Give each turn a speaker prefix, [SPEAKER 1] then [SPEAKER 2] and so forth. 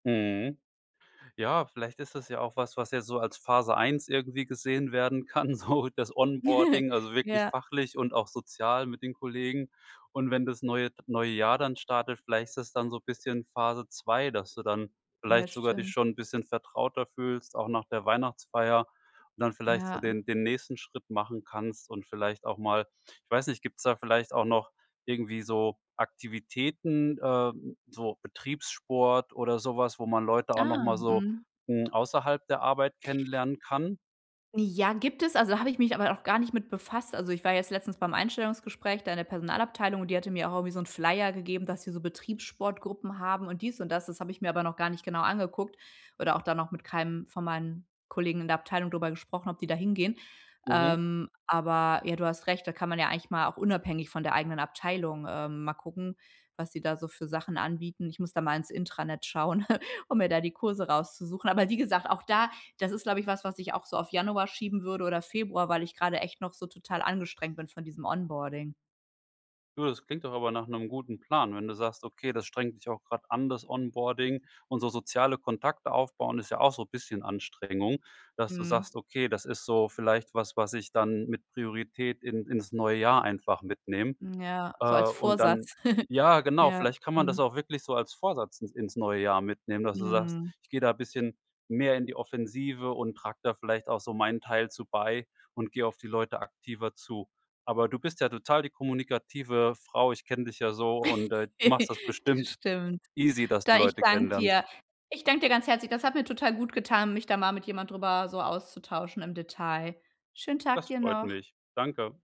[SPEAKER 1] Mhm. Ja, vielleicht ist das ja auch was, was jetzt so als Phase 1 irgendwie gesehen werden kann, so das Onboarding, also wirklich
[SPEAKER 2] Ja.
[SPEAKER 1] fachlich und auch sozial mit den Kollegen. Und wenn das neue neue Jahr dann startet, vielleicht ist dann so 'n bisschen Phase 2: Dass du dann
[SPEAKER 2] Ja,
[SPEAKER 1] vielleicht sogar dich
[SPEAKER 2] stimmt.
[SPEAKER 1] schon 'n bisschen vertrauter fühlst, auch nach der Weihnachtsfeier, und dann vielleicht so
[SPEAKER 2] Ja.
[SPEAKER 1] den den nächsten Schritt machen kannst, und vielleicht auch mal ich weiß nicht, gibt's da vielleicht auch noch irgendwie so Aktivitäten, äh, so Betriebssport oder so was, wo man Leute auch noch
[SPEAKER 2] Ah,
[SPEAKER 1] mal so,
[SPEAKER 2] mhm.
[SPEAKER 1] hm, außerhalb der Arbeit kennenlernen kann?
[SPEAKER 2] Ja, gibt es, also, habe ich mich aber noch gar nicht mit befasst. Also, ich war jetzt letztens beim Einstellungsgespräch da in der Personalabteilung, und die hatte mir auch irgendwie so 'n Flyer gegeben, dass sie so Betriebssportgruppen haben und dies und das. Das habe ich mir aber noch gar nicht genau angeguckt oder auch da noch mit keinem von meinen Kollegen in der Abteilung drüber gesprochen, ob die da hingehen.
[SPEAKER 1] Mhm.
[SPEAKER 2] Ähm, aber, ja, du hast recht, da kann man ja eigentlich mal auch unabhängig von der eigenen Abteilung, ähm, mal gucken, was sie da so für Sachen anbieten. Ich muss da mal ins Intranet schauen, um mir da die Kurse rauszusuchen. Aber wie gesagt, auch da das ist, glaube ich, was, was ich auch so auf Januar schieben würde oder Februar, weil ich grade echt noch so total angestrengt bin von diesem Onboarding.
[SPEAKER 1] Du, das klingt doch aber nach 'nem guten Plan, wenn du sagst, okay, das strengt dich auch grad an, das Onboarding. Und so soziale Kontakte aufbauen ist ja auch so bisschen Anstrengung. Dass du
[SPEAKER 2] Mhm.
[SPEAKER 1] sagst: „Okay, das ist so vielleicht was, was ich dann mit Priorität in ins neue Jahr einfach mitnehme.“
[SPEAKER 2] Mhm, ja.
[SPEAKER 1] Äh,
[SPEAKER 2] So als
[SPEAKER 1] und dann
[SPEAKER 2] Vorsatz.
[SPEAKER 1] Ja, genau,
[SPEAKER 2] Ja,
[SPEAKER 1] vielleicht kann man das
[SPEAKER 2] mhm.
[SPEAKER 1] auch wirklich so als Vorsatz ins ins neue Jahr mitnehmen, dass du sagst:
[SPEAKER 2] Mhm.
[SPEAKER 1] „Ich gehe da bisschen mehr in die Offensive und trage da vielleicht auch so meinen Teil zu bei und geh auf die Leute aktiver zu.“ Aber du bist ja total die kommunikative Frau. Ich kenne dich ja so, und, äh, du machst das
[SPEAKER 2] Das
[SPEAKER 1] bestimmt
[SPEAKER 2] stimmt.
[SPEAKER 1] easy, dass du
[SPEAKER 2] Da ich
[SPEAKER 1] Leute
[SPEAKER 2] danke
[SPEAKER 1] kennenlernst.
[SPEAKER 2] dir. Ich danke dir ganz herzlich. Das hat mir total gut getan, mich da mal mit jemand drüber so auszutauschen im Detail. Schönen Tag
[SPEAKER 1] Das
[SPEAKER 2] dir
[SPEAKER 1] freut
[SPEAKER 2] noch.
[SPEAKER 1] mich. Danke.